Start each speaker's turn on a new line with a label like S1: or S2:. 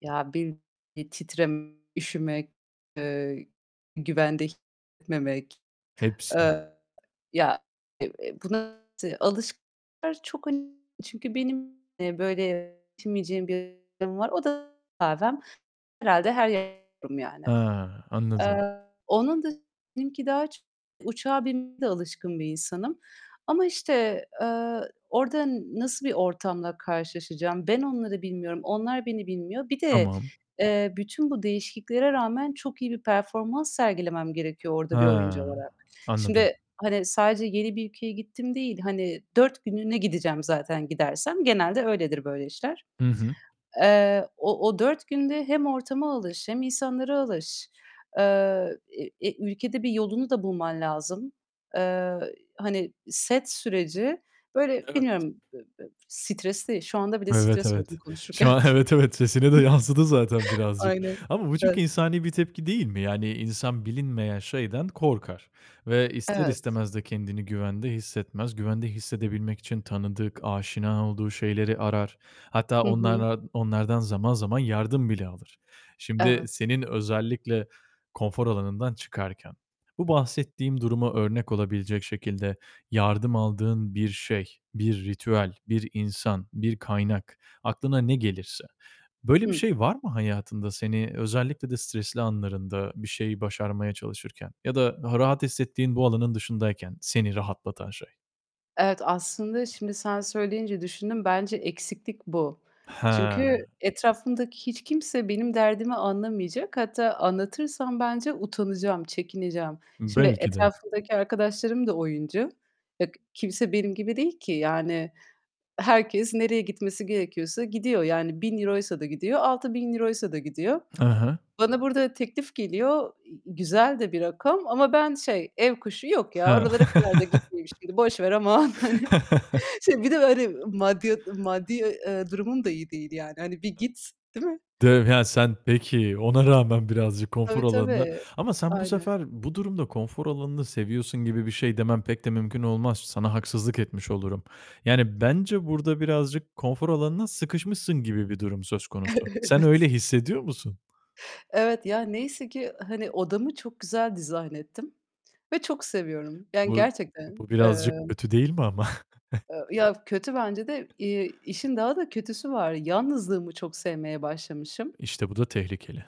S1: Ya, bir bir titreme, üşümek, eee, güvende hissetmemek.
S2: Hepsi.
S1: Eee, ya, eee, buna alışkınlar çok çünkü benim, eee, böyle yaşayamayacağım bir durum var. O da kahvem. Herhâlde her yerde olurum yani.
S2: Ha, anladım.
S1: Eee, onun dışında benimki daha çok uçağa binmeye de alışkın bir insanım. Ama işte, eee, orada nasıl bir ortamla karşılaşacağım ben onları bilmiyorum. Onlar beni bilmiyor. Bir de,
S2: Tamam.
S1: eee, bütün bu değişikliklere rağmen çok iyi bir performans sergilemem gerekiyor orada bir oyuncu
S2: Ha,
S1: olarak.
S2: anladım.
S1: Şimdi, hani, sadece yeni bir ülkeye gittim değil, hani, 4 günlüğüne gideceğim zaten gidersem. Genelde öyledir böyle işler.
S2: Hı hı.
S1: Eee, o o 4 günde hem ortama alış hem insanlara alış, eee, e e ülkede bir yolunu da bulman lazım. Eee, hani, set süreci, böyle,
S2: Evet.
S1: bilmiyorum, b b stresli. Şu anda bile
S2: Evet,
S1: stres oldum
S2: evet.
S1: konuşurken.
S2: Şu an evet, evet, sesine de yansıdı zaten birazcık.
S1: Aynen.
S2: Ama bu çok
S1: [unintelligible]
S2: insani bir tepki değil mi? Yani, insan bilinmeyen şeyden korkar ve ister
S1: Evet.
S2: istemez de kendini güvende hissetmez. Güvende hissedebilmek için tanıdık, aşina olduğu şeyleri arar. Hatta
S1: Hı hı.
S2: onlarla onlardan zaman zaman yardım bile alır. Şimdi
S1: Evet.
S2: senin özellikle konfor alanından çıkarken bu bahsettiğim duruma örnek olabilecek şekilde yardım aldığın bir şey, bir ritüel, bir insan, bir kaynak, aklına ne gelirse. Böyle bir
S1: Hımm.
S2: şey var mı hayatında? Seni özellikle de stresli anlarında bir şeyi başarmaya çalışırken ya da daha rahat hissettiğin bu alanın dışındayken seni rahatlatan şey.
S1: Evet, aslında şimdi sen söyleyince düşündüm. Bence eksiklik bu. Çünkü
S2: Ha!
S1: etrafımdaki hiç kimse benim derdimi anlamayacak. Hatta anlatırsam bence utanacağım, çekineceğim. Şimdi
S2: Belki de.
S1: etrafımdaki arkadaşlarım da oyuncu. Bak, kimse benim gibi değil ki. Yani, herkes nereye gitmesi gerekiyorsa gidiyor. Yani €1000'ysa da gidiyor, €6000'ysa da gidiyor.
S2: Hı hı.
S1: Bana burada teklif geliyor. İii, güzel de bir rakam ama ben şey, ev kuşu. "Yok ya,
S2: Hı.
S1: oralara kadar da gitmeyeyim şimdi. Boş ver aman." Hani, şey, bir de böyle maddiya maddi, eee, durumum da iyi değil yani. Hani bir
S2: Aaa.
S1: git, değil mi?
S2: Diyorum ya sen Peki, ona rağmen birazcık konfor
S1: Tabii
S2: alanına
S1: tabii.
S2: Ama sen bu
S1: Aynen.
S2: sefer bu durumda konfor alanını seviyorsun gibi bir şey demem pek de mümkün olmaz. Sana haksızlık etmiş olurum. Yani, bence burada birazcık konfor alanına sıkışmışsın gibi bir durum söz konusu. Sen öyle
S1: Evet.
S2: hissediyor musun?
S1: Evet. Ya, neyse ki, hani, odamı çok güzel dizayn ettim ve çok seviyorum. Yani,
S2: Bu
S1: gerçekten.
S2: bu birazcık
S1: Emm...
S2: kötü değil mi ama?
S1: Eee, ya, kötü bence de. İii, işin daha da kötüsü var. Yalnızlığımı çok sevmeye başlamışım.
S2: İşte, bu da tehlikeli.